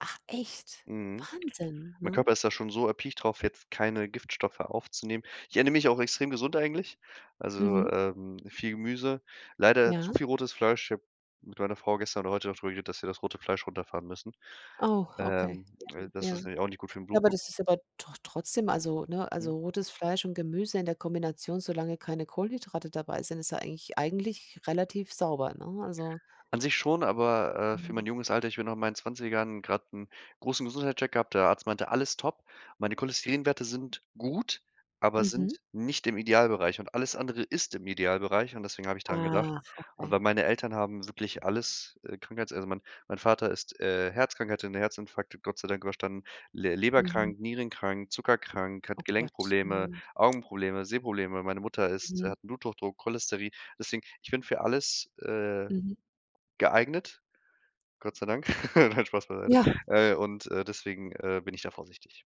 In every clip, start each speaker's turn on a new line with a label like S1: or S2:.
S1: Ach, echt?
S2: Mhm.
S1: Wahnsinn,
S2: Mein
S1: ne?
S2: Körper ist da schon so erpicht drauf, jetzt keine Giftstoffe aufzunehmen. Ich ernähre mich auch extrem gesund eigentlich, also,
S1: Mhm.
S2: ähm, viel Gemüse, leider zu
S1: Ja.
S2: viel rotes Fleisch. Ich habe mit meiner Frau gestern oder heute da drüber geredet, dass wir das rote Fleisch runterfahren müssen.
S1: Oh, okay.
S2: Ähm,
S1: Ja,
S2: äh, das
S1: ja.
S2: ist nämlich auch nicht gut für'n
S1: Ja, aber
S2: Blutdruck.
S1: das ist aber doch trotzdem also, ne
S2: Mhm.
S1: also rotes Fleisch und Gemüse in der Kombination, solange keine Kohlenhydrate dabei sind, ist ja eigentlich eigentlich relativ sauber, ne, also
S2: An sich schon, aber, äh, für
S1: Mhm.
S2: mein junges Alter ich bin noch in meinen 20ern grad 'n großen Gesundheitscheck gehabt. Der Arzt meinte: „Alles top!” Meine Cholesterinwerte sind gut, aber
S1: Mhm.
S2: sind nicht im Idealbereich, und alles andere ist im Idealbereich, und deswegen habe ich daran gedacht.
S1: Ach.
S2: Und
S1: Okay.
S2: weil meine Eltern haben wirklich alles, äh, Krankheits also, mein mein Vater ist, äh, herzkrank, der hatte 'nen Herzinfarkt Gott sei Dank überstanden, le
S1: Mhm.
S2: leberkrank, nierenkrank, zuckerkrank, hat
S1: Oh, Gott.
S2: Gelenkprobleme,
S1: Ja.
S2: Augenprobleme, Sehprobleme. Meine Mutter ist
S1: Mhm.
S2: hat 'n Bluthochdruck, Cholesterin. Deswegen ich bin für alles, äh,
S1: Mhm.
S2: geeignet, Gott sei Dank. Nein, Spaß beiseite.
S1: Ja.
S2: Äh, und deswegen, äh, bin ich da vorsichtig.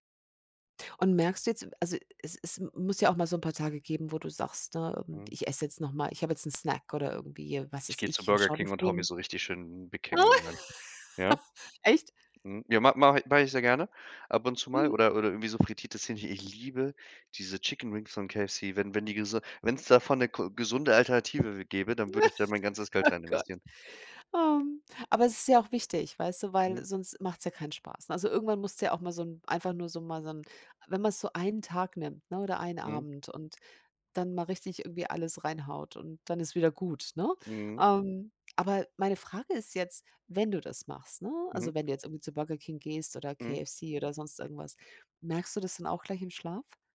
S1: Und, merkst du jetzt also es es muss ja auch mal so 'n paar Tage geben, wo du sagst, ne:
S2: Mhm.
S1: „Ich esse jetzt noch mal ich hab jetzt 'n Snack“, oder irgendwie, was
S2: Ich
S1: weiß
S2: gehe zu
S1: ich, äh,
S2: Burger King und haue mir
S1: [unintelligible]
S2: so richtig schön 'n Big King rein, ja?
S1: Echt?
S2: Mhm. Ja, ma mache i mache ich sehr gerne ab und zu mal
S1: Mhm.
S2: oder oder irgendwie so frittiertes Hähnchen ich liebe diese Chicken Wings von KFC. Wenn wenn die gesun wenn's davon 'ne ko gesunde Alternative gäbe, dann würde ich da mein ganzes Geld
S1: Oh,
S2: rein
S1: Gott.
S2: investieren.
S1: Ähm. Aber es ist ja auch wichtig, weißt du, weil
S2: Mhm.
S1: sonst macht's ja keinen Spaß. Also, irgendwann musst du ja auch mal so 'n einfach nur so mal so 'n wenn man so einen Tag nimmt, ne, oder einen
S2: Mhm.
S1: Abend und dann mal richtig irgendwie alles reinhaut und dann ist wieder gut, ne?
S2: Mhm.
S1: Ähm, aber meine Frage ist jetzt: Wenn du das machst, ne
S2: Mhm.
S1: also wenn du jetzt irgendwie zu Burger King gehst oder
S2: Mhm.
S1: KFC oder sonst irgendwas, merkst du das dann auch gleich im Schlaf?